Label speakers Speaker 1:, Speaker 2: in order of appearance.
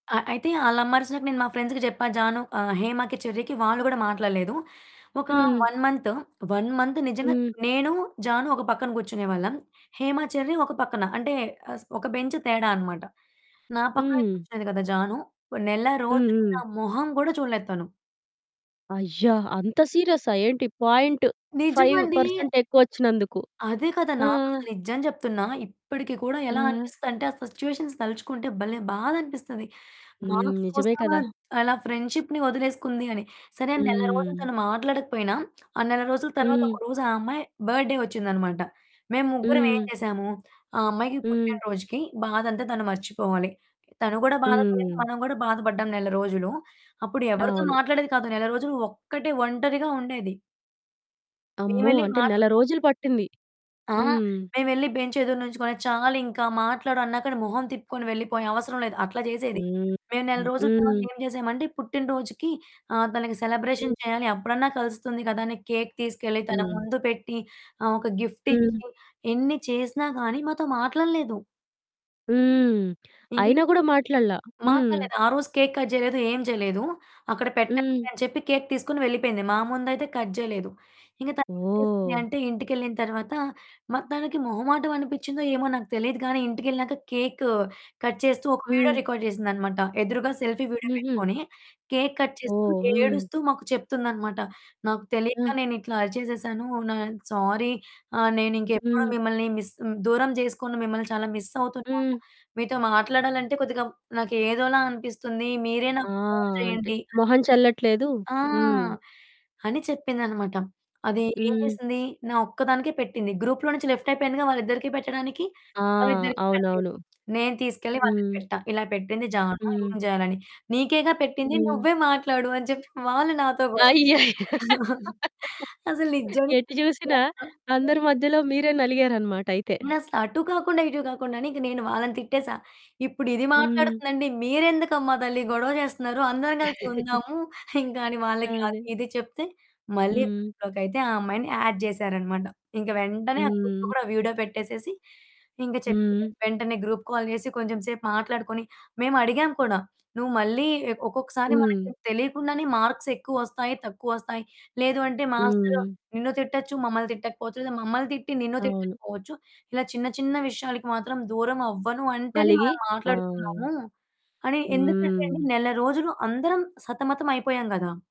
Speaker 1: ఆ! అయితే ఆళ్ల అమ్మరిసినాక నేను మా ఫ్రెండ్స్‌కి జెప్పా జాను ఆహ్, హేమ‌కి, చెర్రీకి వాళ్ళు గూడా మాట్లాడలేదు. ఒక
Speaker 2: హ్మ్.
Speaker 1: 1 మంత్, 1 మంత్ నిజంగా
Speaker 2: హ్మ్.
Speaker 1: నేను, జాను ఒక పక్కన కూర్చునే వాళ్ళం. హేమ, చెర్రీ ఒక పక్కన. అంటే, అస్ ఒక బెంచ్ తేడా అన్నమాట. నా పక్కనే
Speaker 2: హ్మ్.
Speaker 1: కూర్చునేది గదా! జాను నెల
Speaker 2: హ్మ్.
Speaker 1: రోజులు నా
Speaker 2: హ్మ్.
Speaker 1: మొహం గూడా చూడలేదు తను.
Speaker 2: అయ్యా! అంత సీరియస్సా? ఏంటి పాయింట్ ఫైవ్
Speaker 1: నిజమండి.
Speaker 2: పర్సెంట్ ఎక్కువ వచ్చినందుకు.
Speaker 1: అదే కదా!
Speaker 2: ఆ!
Speaker 1: నాకసలు నిజం చెప్తున్నా ఇప్పటికి కూడా
Speaker 2: ఆ!
Speaker 1: ఎలా అనిపిస్తుందంటే, ఆ సిట్యుయేషన్స్ తలుచుకుంటే భలే బాధనిపిస్తది.
Speaker 2: హ్మ్.
Speaker 1: మార్క్స్
Speaker 2: నిజమే
Speaker 1: కోసం
Speaker 2: కదా!
Speaker 1: ద్ అలా ఫ్రెండ్‌షిప్‌ని వదిలేసుకుంది అని. సరే, నెల రోజులు
Speaker 2: హ్మ్.
Speaker 1: తను మాట్లాడకపోయినా, ఆ నెల రోజుల తరువాత
Speaker 2: హ్మ్.
Speaker 1: ఒకరోజు ఆ అమ్మాయి బడ్డే వచ్చిందన్నమాట. మేము ముగ్గురం ఏం
Speaker 2: హ్మ్.
Speaker 1: జేసాము ఆ అమ్మాయికి పుట్టిన
Speaker 2: హ్మ్.
Speaker 1: రోజుకి, బాధంతా తను మర్చిపోవాలి. తను కూడా బాధ పడింది
Speaker 2: హ్మ్.
Speaker 1: మనం గూడా బాధ పడ్డాం నెల రోజులు. అప్పుడు ఎవరితో
Speaker 2: అవును.
Speaker 1: మాట్లాడేది కాదు. నెల రోజులు ఒక్కటే ఒంటరిగా ఉండేది.
Speaker 2: అమ్మో!
Speaker 1: మేమేళ్లి
Speaker 2: అంటే నెల
Speaker 1: మాట్లడదాం
Speaker 2: రోజులు పట్టింది.
Speaker 1: ఆ!
Speaker 2: హ్మ్.
Speaker 1: మేమేళ్లి బెంచ్ ఎదురు నించుకొని, చాలింకా మాట్లాడు అన్నాక మొహం తిప్పుకొని వెళ్ళిపోయే "అవసరం లేదు" అట్లా జేసేది.
Speaker 2: హ్మ్.
Speaker 1: మేము నెల రోజుల తర్వాత
Speaker 2: హ్మ్.
Speaker 1: ఏం చేసామంటే, పుట్టినరోజుకి ఆహ్, తనకి సెలబ్రేషన్
Speaker 2: హ్మ్.
Speaker 1: చేయాలి. అప్పుడన్నా కలుస్తుంది కదా! అని కేక్ తీసుకెళ్ళి, తన
Speaker 2: హ్మ్.
Speaker 1: ముందు పెట్టి, ఆహ్, ఒక
Speaker 2: హ్మ్.
Speaker 1: గిఫ్టిచ్చి, ఎన్ని చేసినా గానీ మాతో మాట్లాడలేదు.
Speaker 2: హ్మ్.
Speaker 1: ఇంకే
Speaker 2: అయినా గూడా మాట్లాడల. హ్మ్.
Speaker 1: మాట్లాడలేదు. ఆ రోజు కేక్ కట్ జేయలేదు, ఏమి చేయలేదు. "అక్కడ
Speaker 2: హ్మ్.
Speaker 1: పెట్టండి" అని చెప్పి కేక్ తీసుకొని వెళ్ళిపోయింది. మా ముందయితే కట్ చేయలేదు. ఇంక తనేం జేసింది
Speaker 2: ఓహ్!
Speaker 1: అంటే, ఇంటికెళ్ళిన తరువాత, మ తనకి మొహమాటం అనిపిచ్చిందో ఏమో నాకు తెలీదు గానీ, ఇంటికెళ్ళినాక కేకు కట్ చేస్తూ ఒక వీడియో
Speaker 2: హ్మ్.
Speaker 1: రికార్డ్ జేసిందన్నమాట. ఎదురుగా సెల్ఫీ వీడియో
Speaker 2: హుహు.
Speaker 1: పెట్టుకొని. కేక్ కట్ చేస్తూ
Speaker 2: ఓహ్! హ్మ్.
Speaker 1: ఏడుస్తూ మాకు చెప్తుందన్నమాట. "నాకు తెలియక
Speaker 2: ఆ!
Speaker 1: నేను ఇట్లా అరిచేసేసాను నా సారీ ఆహ్, నేనింకెప్పుడు
Speaker 2: హ్మ్.
Speaker 1: మిమ్మల్ని మిస్ దూరం చేసుకొను, మిమ్మల్ని చాలా మిస్ అవుతున్నాను.
Speaker 2: హ్మ్.
Speaker 1: మీతో మాట్లాడాలంటే కొద్దిగా నాకు ఏదోలా అనిపిస్తుంది. మీరే
Speaker 2: ఆ!
Speaker 1: నాకు ఫోను
Speaker 2: అంటే
Speaker 1: జేయండి." అని
Speaker 2: మొహం చల్లట్లేదు.
Speaker 1: ఆ!
Speaker 2: హ్మ్.
Speaker 1: అని చెప్పిందన్నమాట. అది ఏం
Speaker 2: హ్మ్.
Speaker 1: జేసింది? నా ఒక్కదానికే పెట్టింది గ్రూప్‌లో నుంచి లెఫ్ట్ అయిపోయిందిగా వాళ్ళిద్దరికి పెట్టడానికి.
Speaker 2: ఆ!
Speaker 1: వాళ్ళిద్దరికి పెట్టలేదు.
Speaker 2: అవునవును.
Speaker 1: నేను తీసుకెళ్ళి వాళ్ళకి
Speaker 2: హ్మ్.
Speaker 1: పెట్టా ఇలా పెట్టింది జాను
Speaker 2: హ్మ్.
Speaker 1: ఏం జేయాలని. నీకేగా పెట్టింది
Speaker 2: హ్మ్.
Speaker 1: నువ్వే మాట్లాడు అని చెప్పి వాళ్ళు నాతో గొడవ.
Speaker 2: అయ్యయ్యో!
Speaker 1: అసలు నిజంగా
Speaker 2: ఎటు చూసినా అందరి మధ్యలో మీరే నలిగారన్నమాటైయితే.
Speaker 1: నేనసల అటు కాకుండా, ఇటు కాకుండా అని ఇంక నేను వాళ్ళని తిట్టేసా. ఇప్పుడు ఇది
Speaker 2: హ్మ్.
Speaker 1: మాట్లాడుతుందండి మీరెందుకమ్మా తల్లి గొడవ జేస్తున్నారు. అందరం కలిసి ఉందాము ఇంకని వాళ్ళకి అది,
Speaker 2: అదే.
Speaker 1: ఇది చెప్తే మళ్ళీ
Speaker 2: హ్మ్.
Speaker 1: గ్రూప్‌లోకైయితే ఆ అమ్మాయిని యాడ్ జేసారన్నమాట. ఇంక వెంటనే ఆ గ్రూప్‌లో
Speaker 2: హ్మ్.
Speaker 1: కూడా వీడియో పెట్టేసేసి ఇంకా చెప్పి,
Speaker 2: హ్మ్.
Speaker 1: వెంటనే గ్రూప్ కాల్ జేసి కొంచెం సేపు మాట్లాడుకొని మేమడిగాం కూడా. నువ్వు మళ్ళీ ఎక్ ఒక్కొక్కసారి
Speaker 2: హ్మ్.
Speaker 1: మనకి తెలియకుండానే మార్క్స్ ఎక్కువస్తాయి, తక్కువస్తాయి. లేదు అంటే మాస్టరు
Speaker 2: హ్మ్.
Speaker 1: నిన్ను తిట్టొచ్చు, మమ్మల్ని తిట్టకపోవచ్చు. లేదా మమ్మల్ని తిట్టి, నిన్ను
Speaker 2: అవును.
Speaker 1: తిట్టకపోవచ్చు ఇలా చిన్న, చిన్న విషయాలకి మాత్రం దూరం అవ్వను అంటేనే
Speaker 2: అలిగి.
Speaker 1: మనం
Speaker 2: ఆ!
Speaker 1: మాట్లాడుకుందాము. అని ఎందుకంటేండి
Speaker 2: హ్మ్.
Speaker 1: నెల రోజులు అందరం సతమతం అయిపోయాం గదా!